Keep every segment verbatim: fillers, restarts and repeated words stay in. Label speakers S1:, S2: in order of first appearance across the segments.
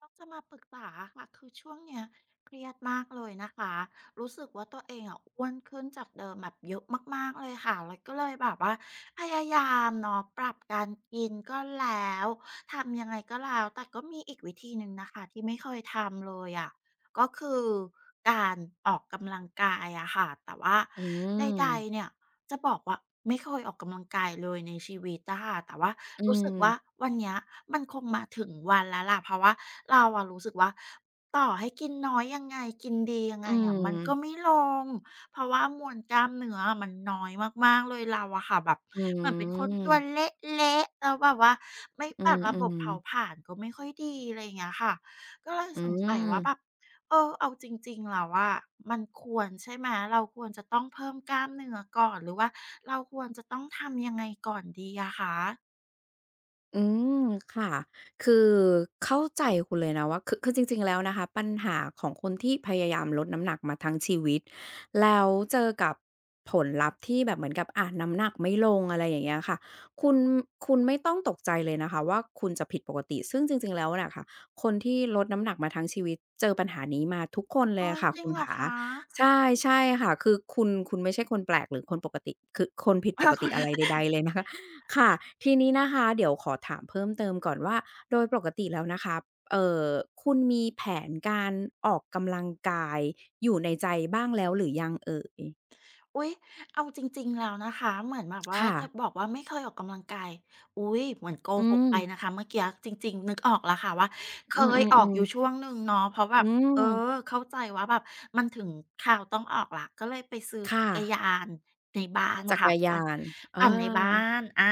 S1: เราจะมาปรึก ษาอะค่ะ คือช่วงนี้ เครียดมากเลยนะคะ รู้สึกว่าตัวเองอะ อ้วนขึ้นจากเดิมแบบเยอะมาก ๆ เลยค่ะ แล้วก็เลยแบบว่าพยายามเนาะ ปรับ การกินก็แล้ว ทำยังไงก็แล้ว แต่ก็มีอีกวิธีหนึ่งนะคะ ที่ไม่เคยทำเลยอะ ก็คือการออกกำลังกายอะค่ะ แต่ว่า
S2: อื
S1: ใด
S2: ม
S1: ๆ เนี่ยจะบอกว่า ไม่เคยออกกำลังกายเลยในชีวิตอะค่ะ แต่ว่า
S2: อื
S1: รู้สึกว่า
S2: ม
S1: วันเนี้ยมันคงมาถึงวันแล้วล่ะ เพราะว่าเราอะรู้สึกว่า ต่อให้กินน้อยยังไง กินดียัง
S2: อ
S1: ไ
S2: ื
S1: งอะ มันก็
S2: ม
S1: ไม่ลง เพราะว่ามวลกล้ามเนื้อ มันน้อยมาก ๆ เลย เราอะค่ะแบบ
S2: อื
S1: แบบเป็นคนตัว
S2: ม
S1: เละ ๆ แล้วแบบว่าไม่
S2: อื
S1: ปรับระบ
S2: ม
S1: บเผา
S2: ๆ
S1: ผลาญก็ไม่ค่อยดี อะไรอย่างเงี้ยค่ะ ก็เลย
S2: อื
S1: สงสัยว่า
S2: ม
S1: แบบ เออ เอาจริง ๆ แล้วอะ มันควรใช่ไหม? เราควรจะต้องเพิ่มกล้ามเนื้อก่อน หรือว่าเราควรจะต้องทำยังไงก่อนดีอะคะ?
S2: อืม ค่ะ คือเข้าใจคุณเลยนะว่า คือ คือจริง ๆ แล้วนะคะ ปัญหาของคนที่พยายามลดน้ำหนักมาทั้งชีวิต แล้วเจอกับผลลัพธ์ที่แบบเหมือนกับ อะ น้ำหนักไม่ลง อะไรอย่างเงี้ยค่ะ คุณ คุณไม่ต้องตกใจเลยนะคะว่า คุณจะผิดปกติ ซึ่งจริง ๆ แล้วเนี่ยค่ะ คนที่ลดน้ำหนักมาทั้งชีวิต เจอปัญหานี้มาทุกคนเ
S1: โ
S2: ล
S1: อ
S2: ย
S1: ๊
S2: อ
S1: ย
S2: ะค่ะ
S1: จริ
S2: คุ
S1: ง
S2: ณ
S1: เหร
S2: ข
S1: อ
S2: า
S1: คะ?
S2: ใช่ ใช่ค่ะ คือคุณ คุณไม่ใช่คนแปลก หรือคนปกติ คือคนผิด
S1: อ
S2: ป
S1: ้าว
S2: ก
S1: ก เ
S2: ต
S1: ห
S2: ิ
S1: รอ?
S2: อะไรใด ๆ เลยนะคะ ค่ะ
S1: [unintelligible]
S2: ทีนี้นะคะเดี๋ยวขอถามเพิ่มเติมก่อนว่า โดยปรกติแล้วนะคะ เอ่อ คุณมีแผนการออกกำลังกายอยู่ในใจบ้างแล้วหรือยังเอ่ย?
S1: อุ๊ย! เอาจริง ๆ แล้วนะคะ เหมือนแบบว่า
S2: ค่
S1: จะ
S2: ะ
S1: บอกว่า ไม่เคยออกกำลังกาย อุ๊ย! เหมือนโก
S2: อื
S1: หกไป
S2: ม
S1: นะคะเมื่อกี้อะ จริง ๆ นึกออกแล้วค่ะว่า เค
S2: อื
S1: ยออกอ
S2: อ
S1: ยู่
S2: ๆ ๆ
S1: ช่วงหนึ่งเนาะ เพราะแบ
S2: อื
S1: บ เออ
S2: ม
S1: เข้าใจว่าแบบ มันถึงคราวต้องออกแล้ว ก็เลยไปซื้อ
S2: ค
S1: จ
S2: ่
S1: ักรย
S2: ะ
S1: านในบ้าน
S2: จัก
S1: ค่ะ
S2: รย
S1: ปั่
S2: า
S1: น
S2: น อ
S1: ปั่นในบ้า
S2: า
S1: น อา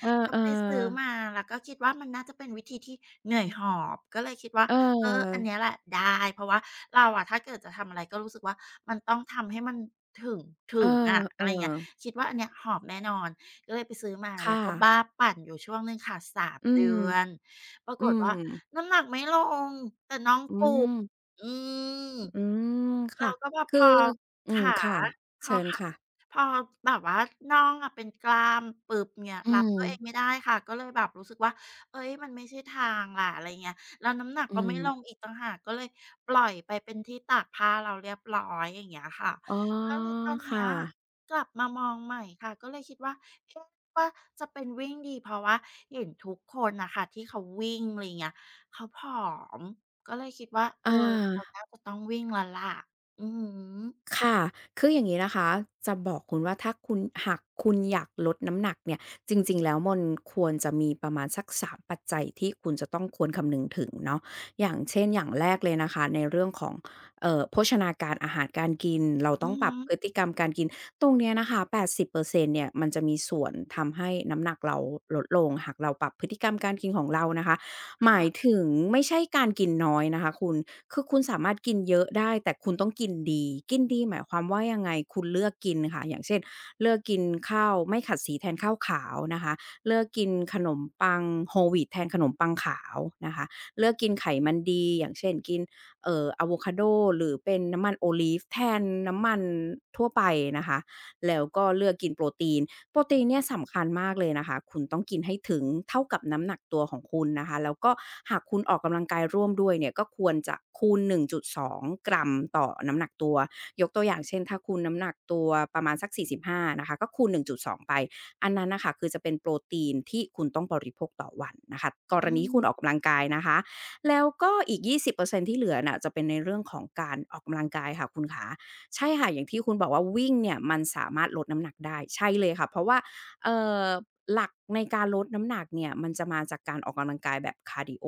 S2: เออ
S1: ก็ไปซื้อ
S2: ๆ
S1: มา แล้วก็คิดว่า มันน่าจะเป็นวิธีที่เหนื่อยหอบ ก็เลยคิดว่า เอ่อ อันน
S2: เออ
S1: ี้แหละได้ เพราะว่าเราอะถ้าเกิดจะทำอะไร ก็รู้สึกว่า มันต้องทำให้มันถึง ถึ
S2: เอ
S1: งอะ อะไ
S2: อ
S1: รอย่างเงี้ย
S2: ๆ
S1: คิดว่าอันเนี้ยหอบแน่นอน ก็เลยไปซื้อมา
S2: ค
S1: แล้
S2: ่
S1: วก็บ
S2: ะ
S1: ้าปั่นอยู่ช่วงหนึ่งค่ะ สาม
S2: อื
S1: เดื
S2: ม
S1: อน ปรา
S2: อ
S1: ก
S2: ื
S1: ฏว่า
S2: ม
S1: น้ำหนักไม่ลง แต่น่อง
S2: อื
S1: ปูด
S2: ม
S1: อืม
S2: อ อืม
S1: เ
S2: ค
S1: รา
S2: ่ะ
S1: ก็ แบบ
S2: ค
S1: พ
S2: ือ
S1: อ
S2: อื
S1: ข
S2: ม
S1: า
S2: ค่ะ
S1: พ
S2: เช
S1: อ
S2: ิญ
S1: ขา
S2: ค่ะ
S1: พอแบบว่าน่องอะเป็นกล้ามปุ๊บ เงี้ย
S2: อื
S1: รับตัวเอ
S2: ม
S1: งไม่ได้ค่ะ ก็เลยแบบรู้สึกว่า เฮ้ย มันไม่ใช่ทางล่ะ อะไรอย่างเงี้ย แล้วน้ำหนัก
S2: อื
S1: ก็ไม่ล
S2: ม
S1: งอีกต่างหาก ก็เลยปล่อยไปเป็น ที่ตากผ้าแล้วเรียบร้อย อย่างเงี้ยค่ะ
S2: อ๋อ
S1: ก็เลยตอนเน
S2: ค
S1: ี้
S2: ่
S1: ย
S2: ะ
S1: กลับมามองใหม่ค่ะ ก็เลยคิดว่า คิดว่าจะเป็นวิ่งดี เพราะว่าเห็นทุกคนน่ะค่ะที่เขาวิ่ง อะไรเงี้ย เขาผอม ก็เลยคิดว่า เอ
S2: อ
S1: อ เรา
S2: า
S1: น่าจะต้องวิ่งแล้วล่ะ อือฮึ
S2: ค่ะ คืออย่างงี้นะคะ จะบอกคุณว่า ถ้าคุณ หากคุณอยากลดน้ำหนักเนี่ย จริง ๆ แล้ว มนควรจะมีประมาณสัก สาม ปัจจัย ที่คุณจะต้องควรคำนึงถึงเนาะ อย่างเช่น อย่างแรกเลยนะคะในเรื่องของ เอ่อ โภชนาการ อาหารการกิน เรา
S1: อ
S2: ต้
S1: ื
S2: อง
S1: อ
S2: ป
S1: ฮ
S2: รับ
S1: ึ
S2: พฤติกรรมการกิน ตรงนี้นะคะ แปดสิบเปอร์เซ็นต์ เนี่ย มันจะมีส่วนทำให้น้ำหนักเราลดลง หากเราปรับพฤติกรรมการกินของเรานะคะ
S1: ค
S2: หม
S1: ่
S2: าย
S1: ะ
S2: ถึง ไม่ใช่การกินน้อยนะคะคุณ คือคุณสามารถกินเยอะได้ แต่คุณต้องกินดี กินดีหมายความว่ายังไง? คุณเลือกกินค่ะ อย่างเช่น เลือกกินข้าวไม่ขัดสีแทนข้าวขาวนะคะ เลือกกินขนมปัง Whole wheat แทนขนมปังขาวนะคะ เลือกกินไขมันดี อย่างเช่น กิน เอ่อ อาโวคาโด หรือเป็นน้ำมัน Olive แทนน้ำมันทั่วไปนะคะ แล้วก็เลือกกินโปรตีน โปรตีนเนี่ยสำคัญมากเลยนะคะ คุณต้องกินให้ถึงเท่ากับน้ำหนักตัวของคุณนะคะ แล้วก็หากคุณออกกำลังกายร่วมด้วยเนี่ย ก็ควรจะคูณ หนึ่งจุดสอง กรัมต่อน้ำหนักตัว ยกตัวอย่างเช่น ถ้าคูณน้ำหนักตัวประมาณสัก สี่สิบห้า นะคะ ก็คูณ หนึ่งจุดสอง ไป อันนั้นน่ะค่ะ คือจะเป็นโปรตีน ที่คุณต้องบริโภคต่อวันนะคะ ก
S1: อ
S2: ร
S1: ื
S2: ณีที่คุณ
S1: ม
S2: ออกกำลังกายนะคะ แล้วก็อีก ยี่สิบเปอร์เซ็นต์ ที่เหลือน่ะ จะเป็นในเรื่องของการออกกำลังกายค่ะคุณขา ใช่ค่ะ อย่างที่คุณบอกว่า วิ่งเนี่ย มันสามารถลดน้ำหนักได้ ใช่เลยค่ะ เพราะว่า เอ่อ หลักในการลดน้ำหนักเนี่ย มันจะมาจากการออกกำลังกายแบบคาร์ดีโอ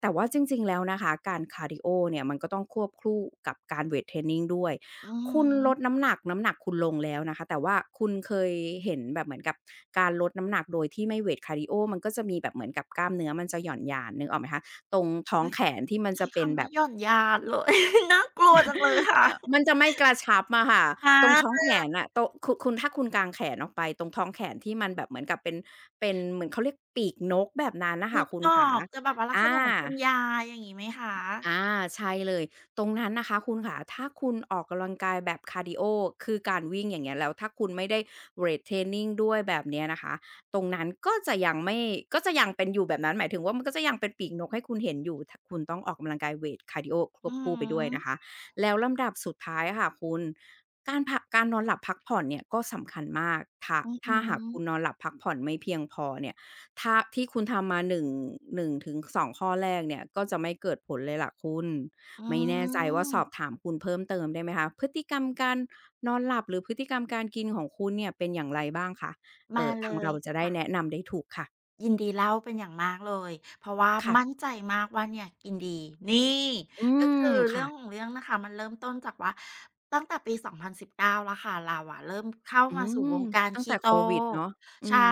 S2: แต่ว่าจริง ๆ แล้วนะคะ การคาร์ดีโอเนี่ยมัน ก็ต้องควบคู่กับการเวตเทรนนิงด้วย
S1: อือ
S2: คุณ
S1: ฮ
S2: ล
S1: ึ
S2: ดน้ำหนัก น้ำหนักคุณลงแล้วนะคะ แต่ว่าคุณเคยเห็นแบบเหมือนกับ การลดน้ำหนักโดยที่ไม่เวตคาร์ดีโอ มันก็จะมีแบบเหมือนกับกล้ามเนื้อมันจะหย่อนยาน นึกออกไหมคะ? ตรงท
S1: โ
S2: ้
S1: อ
S2: อ
S1: ๊
S2: ง
S1: ย!
S2: แขนที่มัน
S1: ใช
S2: จ
S1: ้
S2: ะเ
S1: ค
S2: ป็น
S1: ำว
S2: แ
S1: ่
S2: บ
S1: า
S2: บ
S1: หย่อนยาน เลย น่ากลัวจังเลยค่ะ
S2: อา มันจะไม่กระชับอะค่ะ
S1: ค่ะ
S2: ตรงท้องแขนน่ะ ตรง คุณ ถ้าคุณกางแขนออกไป ตรงท้องแขนที่มันแบบเหมือนกับเป็น เป็น เหมือนเขาเรียกปีกนก แบบนั้นน่ะค
S1: น
S2: ่
S1: ึ
S2: ะ
S1: ก
S2: คุณ
S1: ออ
S2: ขา
S1: ก จะแบบว่าลั
S2: อ
S1: กษณะเหมือนคุณ
S2: า
S1: ยาย อย่างนี้ไหมคะ?
S2: อา ใช่เลย ตรงนั้นนะคะคุณขา ถ้าคุณออกกำลังกายแบบคาร์ดีโอ คือการวิ่ง อย่างเงี้ย แล้วถ้าคุณไม่ได้เวตเทรนนิงด้วย แบบนี้นะคะ ตรงนั้นก็จะยังไม่ ก็จะยังเป็นอยู่แบบนั้น หมายถึงว่า มันก็จะยังเป็นปีกนกให้คุณเห็นอยู่ ท คุณต้องออกกำลังกายเวตคาร์ดีโอค
S1: อื
S2: วบค
S1: อ
S2: ู่ไปด้
S1: ฮ
S2: วยน
S1: ึ
S2: ะคะ แล้วลำดับสุดท้ายค่ะคุณ การพัก การนอนหลับพักผ่อนเนี่ย ก็สำคัญมาก ถ้า
S1: อือ
S2: ถ
S1: ฮ
S2: ้าหาก
S1: ึ
S2: คุณนอนหลับพักผ่อนไม่เพียงพอเนี่ย ถ้า ที่คุณทำมาหนึ่ง หนึ่งถึงสอง ข้อแรกเนี่ย ก็จะไม่เกิดผลเลยล่ะคุณ
S1: อื
S2: ไม่แน่ใจว่าสอ
S1: ม
S2: บถามคุณเพิ่มเติมได้ไหมคะ พฤติกรรมการนอนหลับห รือพฤติกรรมการกินของคุณเนี่ย เป็นอย่างไรบ้างคะ? เ
S1: ม
S2: อ
S1: า
S2: ่อ
S1: เล
S2: ทางเร
S1: ย
S2: าจะได
S1: ค
S2: ้
S1: ่ะ
S2: แนะนำได้ถูกค่ะ
S1: ยินดีเล่าเป็นอย่างมากเลย เพราะว่า
S2: ค่ะ
S1: มั่นใจมากว่า เนี่ยกินดี นี่!
S2: อื
S1: ก็
S2: ม
S1: คือเ
S2: ค
S1: รื่
S2: ่
S1: อง
S2: ะ
S1: ของเรื่องนะคะ มันเริ่มต้นจากว่าตั้งแต่ปี สองพันสิบเก้า แล้วค่ะ เราอะเริ่มเข้า
S2: อื
S1: มาสู่
S2: ม
S1: วงการ
S2: ตั้
S1: ค
S2: งแต
S1: ี
S2: ่
S1: โ
S2: โ
S1: ต
S2: ควิดเนาะ อื
S1: ใช่
S2: ม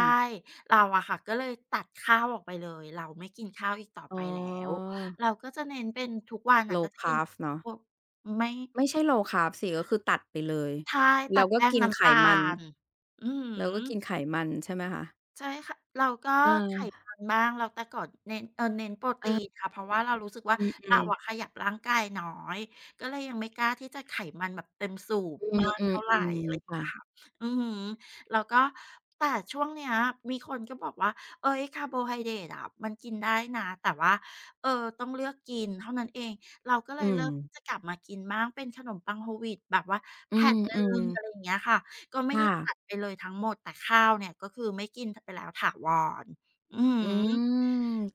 S1: เราอะค่ะ ก็เลยตัดข้าวออกไปเลย เราไม่กินข้าวอีกต่อ
S2: อ
S1: ไ
S2: ๋
S1: ปแล้ว
S2: อ
S1: เราก็จะเน้นเป็น ทุกวันน่ะก็
S2: Low
S1: จะกิน
S2: carf เนาะ
S1: พวก ไม่
S2: ไม่ใช่ Low Carb สิ ก็คือตัดไปเลย
S1: ใช่ ต
S2: แล
S1: ั
S2: ้ว
S1: ด
S2: ก
S1: แ
S2: ็
S1: ป้
S2: ก
S1: ง
S2: ิน
S1: น้
S2: ไข
S1: ำตา
S2: มัน
S1: ล อือฮ
S2: แล้วก็กิน
S1: ึ
S2: ไขมัน ใช่ไหมคะ?
S1: ใช่ค่ะ แล้วก็
S2: เ
S1: ไข
S2: อ
S1: ม
S2: อ
S1: ัน บ้าง แล้วแต่ก่อนเน้น เอ่อ เน้นโปรต
S2: อ
S1: ี
S2: า
S1: นค่ะ เพราะว่า เรารู้สึกว่า
S2: อืม อ
S1: เ
S2: ื
S1: รา
S2: อ ๆ
S1: อะขยับร่างกายน้อย ก็เลยยังไม่กล้าที่จะไขมันแบบเต็มสูบ
S2: อ
S1: มาก
S2: ื
S1: เท่าไร อะ
S2: ม
S1: ไร
S2: ๆ ๆ ค
S1: เง
S2: ่
S1: ี้ย
S2: ะ
S1: ค่ะ อือฮึ แล้วก็ แต่ช่วงเนี้ย มีคนก็ บอกว่า "เฮ้ย คาร์โบไฮเดรตอะ มันกินได้นะ แต่ว่า เออ ต้องเลือกกินเท่านั้นเอง" เราก็เล
S2: อื
S1: ยเริ่ม ที
S2: ม
S1: ่จะกลับมากินบ้าง เป็นขนมปัง Whole wheat แบบว่าแ
S2: อ
S1: ผ
S2: ื
S1: ่นหนึ่
S2: ม
S1: ง อ
S2: ๆ
S1: ะไรอย่างเงี้ยค่ะ ก็ไม่
S2: ค
S1: ได
S2: ่
S1: ้ต
S2: ะ
S1: ัดไปเลยทั้งหมด แต่ข้าวเนี่ย ก็คือไม่กิน ท ไปแล้วถาวร อือ
S2: อื
S1: ฮึ ล
S2: ม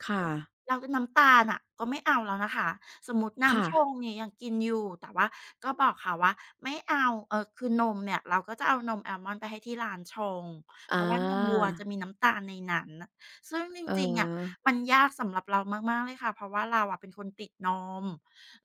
S2: ค่ะ
S1: แล้วเป็นน้ำตาลน่ะ ก็ไม่เอาแล้วนะคะ สมมุติน้
S2: ค่
S1: ำช
S2: ะ
S1: งนี้ยังกินอยู่ แต่ว่าก็บอกเขาว่า ไม่เอา เอ่อ คือนมเนี่ย เราก็จะเอานมอาลมอนด์ไปให้ที่ร้านชง
S2: อ
S1: เ
S2: ๋
S1: พ
S2: อ
S1: ราะว่านมวัวจะมีน้ำตาลในนั้นน่ะ ซึ่งจ
S2: เ
S1: ริง ๆ อะ
S2: ออ
S1: มันยากสำหรับเรามาก ๆ เลยค่ะ เพราะว่าเราอะเป็นคนติดนม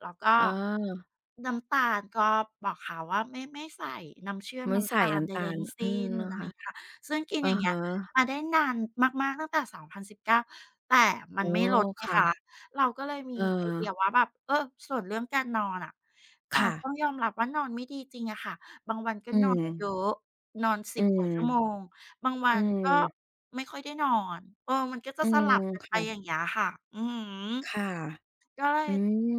S1: แล้วก็
S2: อ๋อ
S1: น้ำตาล ก็บอกเขาว่า ไม่ ไม่ใส่น้ำเชื่อม
S2: ไม่
S1: น้
S2: ใส
S1: ำ
S2: ่
S1: ตา
S2: น
S1: ล
S2: ้
S1: ใด
S2: ำตา
S1: ๆ
S2: ล
S1: ทั้งส
S2: อื
S1: ิ้
S2: ม
S1: น
S2: อา
S1: อะไ
S2: ค
S1: ร
S2: ่ะ
S1: เงี้ยค่ะ ซึ่งกิน
S2: อะ
S1: อย่างเง
S2: ฮ
S1: ี้ย
S2: ะ
S1: มาได้นานมาก ๆ ตั้งแต่ สองพันสิบเก้า แต่มั
S2: อ๋
S1: น
S2: อ
S1: ไม่ลด ไง
S2: ค่
S1: คะ
S2: ะ
S1: เราก็เลยมีไอเดีย
S2: เออ
S1: ว่าแบบ เออ ส่วนเรื่องการนอนอะ อา
S2: ค่ะ
S1: ต้องยอมรับว่า นอนไม่ดีจริงอะค่ะ บางวันก็
S2: อื
S1: นอนเย
S2: ม
S1: อะ นอน ส
S2: อื
S1: ิบ ก
S2: ม
S1: ว่าชั่วโมง บางวั
S2: อื
S1: นก็
S2: ม
S1: ไม่ค่อยได้นอน เออ มันก็จ
S2: อ
S1: ะ
S2: ื
S1: สล
S2: ม
S1: ับกัน
S2: ค
S1: ไป
S2: ่
S1: อ
S2: ะ
S1: ย่างเงี้ยค่ะ อือฮึ
S2: ค่ะ
S1: ก็เลย
S2: อื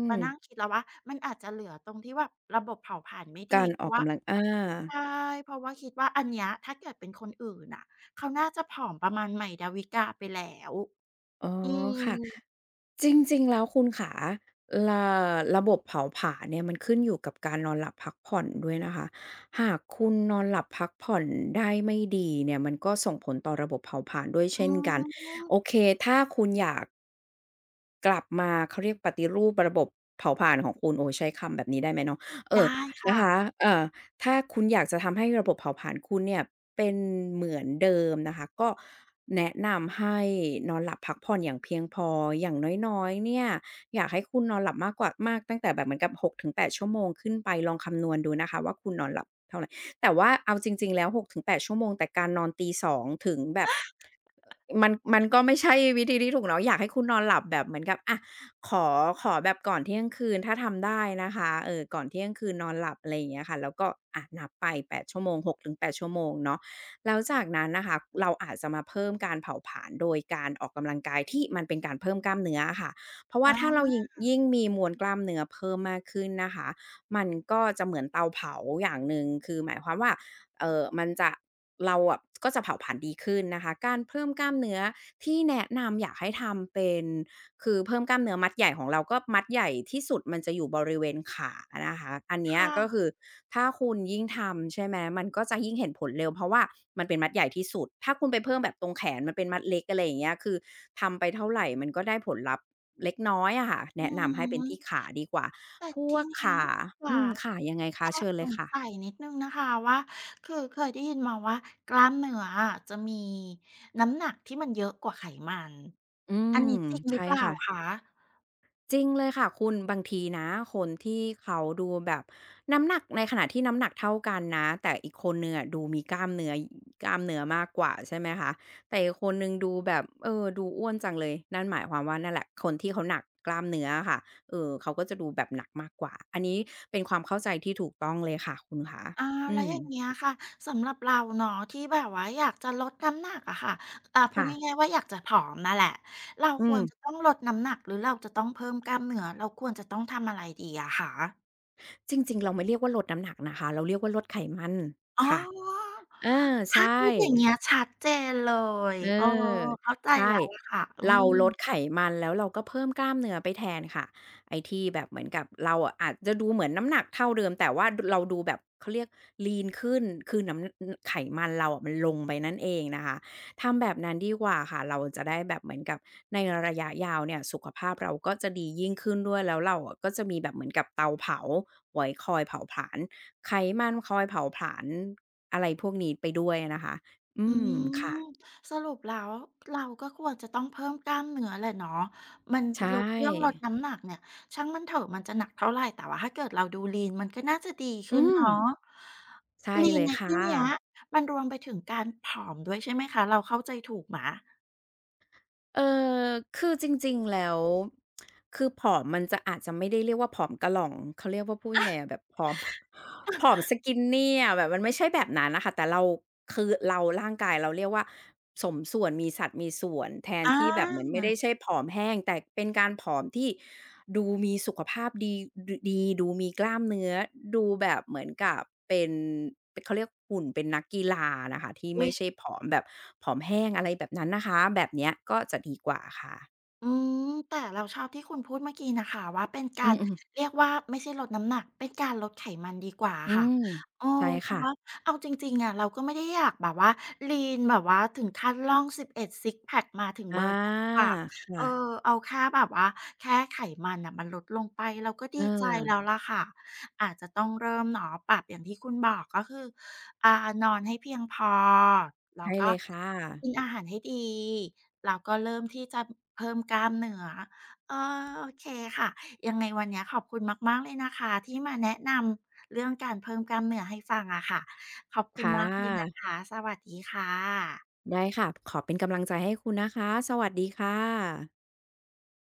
S1: มานั่
S2: ม
S1: งคิดแล้วว่า มันอาจจะเหลือตรงที่แบบระบบเผาผลาญไม่ด
S2: ก
S1: ี
S2: าร
S1: เพร
S2: อ
S1: า
S2: อ
S1: ะ
S2: ก
S1: ว่
S2: ก
S1: า
S2: ำลัง อา
S1: ใช่ เพราะว่าคิดว่า อันเนี้ย ถ้าเกิดเป็นคนอื่นอะ เขาน่าจะผอมประมาณใหม่ ดาวิกาไปแล้ว
S2: อ๋อ
S1: อื
S2: ค่ะ
S1: ม
S2: จริง ๆ แล้วคุณขา รา ระบบเผาผลาญเนี่ย มันขึ้นอยู่กับการนอนหลับพักผ่อนด้วยนะคะ หากคุณนอนหลับพักผ่อนได้ไม่ดีเนี่ย มันก็ส่งผลต่อระบบเผาผลาญด้วยเช
S1: อ๋
S2: ่นกัน
S1: อ
S2: โอเค ถ้าคุณอยาก กลับมา เขาเรียกปฏิรูประบบเผาผลาญของคุณ โอ้ ใช้คำแบบนี้ได้ไหมเนาะ เอ
S1: ได
S2: ่อ
S1: ้ค
S2: น
S1: ่
S2: ะค
S1: ะ
S2: ะ เอ่อ ถ้าคุณอยากจะทำให้ระบบเผาผลาญคุณเนี่ย เป็นเหมือนเดิมนะคะ ก็แนะนำให้นอนหลับพักผ่อนอย่างเพียงพอ อย่างน้อย ๆ เนี่ย อยากให้คุณนอนหลับมากกว่า มากตั้งแต่แบบเหมือนกับ หกถึงแปด ชั่วโมงขึ้นไป ลองคำนวณดูนะคะว่า คุณนอนหลับเท่าไร แต่ว่าเอาจริง ๆ แล้ว หกถึงแปด ชั่วโมง แต่การนอนตี สอง ถึงแบบ อ มัน มันก็ไม่ใช่วิธีที่ถูกเนาะ อยากให้คุณนอนหลับแบบเหมือนกับ อะ ขอ ขอแบบก่อนเที่ยงคืน ถ้าทำได้นะคะ เออ ก่อนเที่ยงคืนนอนหลับ อะไรอย่างเงี้ยค่ะ แล้วก็ อะ นับไป แปด ชั่วโมง หกถึงแปด ชั่วโมงเนาะ แล้วจากนั้นนะคะ เราอาจจะมาเพิ่มการเผาผลาญ โดยการออกกำลังกาย ที่มันเป็นการเพิ่มกล้ามเนื้ออะค่ะ เพราะว่
S1: อ
S2: าถ้าเรา
S1: า
S2: ยิง ยิ่งมีมวลกล้ามเนื้อเพิ่มมากขึ้นนะคะ มันก็จะเหมือนเตาเผาอย่างหนึ่ง คือหมายความว่า เอ่อ มันจะ เราอะ ก็จะเผาผลาญดีขึ้นนะคะ การเพิ่มกล้ามเนื้อที่แนะนำ อยากให้ทำเป็น คือเพิ่มกล้ามเนื้อมัดใหญ่ของเรา ก็มัดใหญ่ที่สุดมันจะอยู่บริเวณขานะคะ อันเน
S1: ค
S2: ี้ย
S1: ่
S2: ก็
S1: ะ
S2: คือถ้าคุณยิ่งทำ ใช่ไหม มันก็จะยิ่งเห็นผลเร็ว เพราะว่ามันเป็นมัดใหญ่ที่สุด ถ้าคุณไปเพิ่มแบบตรงแขน มันเป็นมัดเล็ก อะไรอย่างเงี้ย คือทำไปเท่าไร มันก็ได้ผลลัพธ์เล็กน้อยอะค่ะ
S1: อ
S2: แ
S1: ื
S2: นะน
S1: อ
S2: ำให้เป
S1: ฮ
S2: ็นท
S1: ึ
S2: ี่ขาดีกว่า
S1: แต่
S2: พ
S1: ท
S2: ว
S1: ี
S2: ก
S1: เนี้
S2: ข
S1: ย
S2: า
S1: ข
S2: อ
S1: า
S2: ืม ค่ะ ยังไงค
S1: แ
S2: ะ?
S1: อ
S2: เช
S1: บ
S2: ิญ
S1: ส
S2: เลย
S1: ง
S2: ค่ะ
S1: สัยนิดหนึ่งนะคะว่า คือเคยได้ยินมาว่ากล้ามเนื้ออะ จะมีน้ำหนักที่มันเยอะกว่าไขมัน
S2: อื
S1: อั
S2: ม
S1: นนี้จริงห
S2: ใ
S1: ร
S2: ช
S1: ือ
S2: ่
S1: เปล่า
S2: ค่ะ
S1: คะ?
S2: จริงเลยค่ะคุณ บางทีนะคนที่เขาดูแบบน้ำหนัก ในขณะที่น้ำหนักเท่ากันนะ แต่อีกคนหนึ่งอะดูมีกล้ามเนื้อ กล้ามเนื้อมากกว่า ใช่ไหมคะ แต่อีกคนหนึ่งดูแบบ เออ ดูอ้วนจังเลย นั่นหมายความว่า นั่นแหละ คนที่เขาหนักกล้ามเนื้ออะค่ะ เออ เขาก็จะดูแบบหนักมากกว่า อันนี้เป็นความเข้าใจที่ถูกต้องเลยค่ะคุณขา
S1: อา
S2: อ
S1: แ
S2: ื
S1: ล้วอย่าง
S2: ม
S1: เงี้ยค่ะ สำหรับเราเนาะ ที่แบบว่าอยากจะลดน้ำหนักอะค่ะ อ่า พู
S2: ค
S1: ด
S2: ่ะ
S1: ง่าย ๆ ว่า อยากจะผอมน่ะแหละ เรา
S2: อื
S1: ควร จ
S2: ม
S1: ะต้องลดน้ำหนัก หรือเราจะต้องเพิ่มกล้ามเนื้อ เราควรจะต้องทำอะไรดีอะคะ?
S2: จริง ๆ เราไม่เรียกว่าลดน้ำหนักนะคะ เราเรียกว่าลดไขมัน
S1: อ๋อ
S2: ค่ะ เออ
S1: ถ
S2: ใช
S1: ้าพู
S2: ่
S1: ดอย่างเงี้ย ชัดเจนเลย
S2: เอ
S1: เออ
S2: อ
S1: เข้าใจ
S2: ใช่
S1: แล้วล่ะค่ะ อื
S2: เรา
S1: ม
S2: ลดไขมัน แล้วเราก็เพิ่มกล้ามเนื้อไปแทนค่ะ ไอ้ที่แบบเหมือนกับเราอะ อาจจะดูเหมือนน้ำหนักเท่าเดิม แต่ว่าดู เราดูแบบ เขาเรียก lean ขึ้น คือหนำ อ ไขมันเราอะมันลงไปนั่นเองนะคะ ทำแบบนั้นดีกว่าค่ะ เราจะได้แบบ เหมือนกับในระยะยาวเนี่ย สุขภาพเราก็จะดียิ่งขึ้นด้วย แล้วเราอะก็จะมีแบบเหมือนกับเตาเผา ไว้คอยเผาผลาญไขมัน คอยเผาผลาญ อะไรพวกนี้ไปด้วยอะนะคะ อ
S1: อ
S2: ื
S1: ื
S2: ม
S1: ม
S2: ค่ะ
S1: สรุปแล้วเราก็ควรจะต้องเพิ่มกล้ามเนื้อแหละเนาะ มัน
S2: ใช
S1: ลด เรื่องลด
S2: ่
S1: น้ำหนักเนี่ยช่างมันเถอะ มันจะหนักเท่าไร แต่ว่าห้าเกิดเราดู lean มันก็น่าจะดีข
S2: อื
S1: ึ้นเน
S2: ม
S1: าะ
S2: ใช่เล
S1: lean
S2: ย
S1: ใน
S2: ค
S1: ท
S2: ่
S1: ี่เนี้ย
S2: ะ
S1: มันรวมไปถึงการผอมด้วยใช่ไหมคะ เราเข้าใจถูกไหม?
S2: เอ่อ คือจริง ๆ แล้ว คือผอมมันจะ อาจจะไม่ได้เรียกว่าผอมกะหร่อง เขาเรียกว่า พูดยังไงอะ แบบ ผอม ผอม skinny อะ แบบมันไม่ใช่แบบนั้นน่ะค่ะ แต่เรา คือเรา ร่างกายเรา เรียกว่าสมส่วน มีสัดมีส่วน แทน
S1: อ
S2: ที่แบบเหมือนไม่ได
S1: า
S2: ้ใช่ผอมแห้ง แต่เป็นการผอม ที่ดูมีสุขภาพดี ดูดี ดูมีกล้ามเนื้อ ดูแบบเหมือนกับเป็น เป็น เขาเรียก หุ่นเป็นนักกีฬาน่ะค่ะ ที่
S1: อ
S2: ไ
S1: ุ
S2: ม
S1: ๊
S2: ่
S1: ย!
S2: ใช่ผอมแบบ ผอมแห้ง อะไรแบบนั้นนะคะ แบบเนี้ย ก็จะดีกว่าค่ะ
S1: อืม แต่เราชอบที่คุณพูดเมื่อกี้นะคะว่า เป็นกา
S2: อื
S1: ร
S2: อ ๆ
S1: เรียกว่า ไม่ใช่ลดน้ำหนัก เป็นการลดไขมันดีกว่าอ
S2: อ
S1: ะ
S2: ื
S1: ค่ะ
S2: ม
S1: เออ
S2: ใช่
S1: เพร
S2: ค
S1: าะ
S2: ่ะ
S1: ว่าเอาจริง ๆ อะ เราก็ไม่ได้อยากแบบว่า lean แบบว่าถึงขั้นร่อง 11 ซิกซ์แพ็ก มาถึง
S2: อ
S1: เ
S2: า
S1: บอร์นั้นน่ะค่ะ
S2: ค
S1: เ
S2: ่
S1: ออ
S2: ะ
S1: เอาแค่แบบว่า แค่ไขมันน่ะ มันลดลงไป เราก็ดีใจแล้
S2: เออ
S1: ว ล่ะค่ะ อาจจะต้องเริ่มเนาะปรับอย่างที่คุณบอก ก็คือ อ่า นอนให้เพียงพอ แล
S2: ใช
S1: ้ว
S2: ่
S1: ก
S2: เล
S1: ็
S2: ยค่ะ
S1: กินอาหารให้ดี แล้วก็เริ่มที่จะเพิ่มกล้ามเนื้อ เออ โอเค ค่ะ ยังไงวันเนี้ยขอบคุณมาก ๆ เลยนะคะ ที่มาแนะนำ เรื่องการเพิ่มกล้ามเนื้อให้ฟังอะค่ะ ขอบค
S2: ค
S1: ุณ
S2: ่
S1: มากเลยนะ
S2: ะ
S1: คะ สวัสดีค่ะ
S2: ได้ค่ะ พ ขอเป็นกำลังใจให้คุณนะคะ สวัสดีค่ะ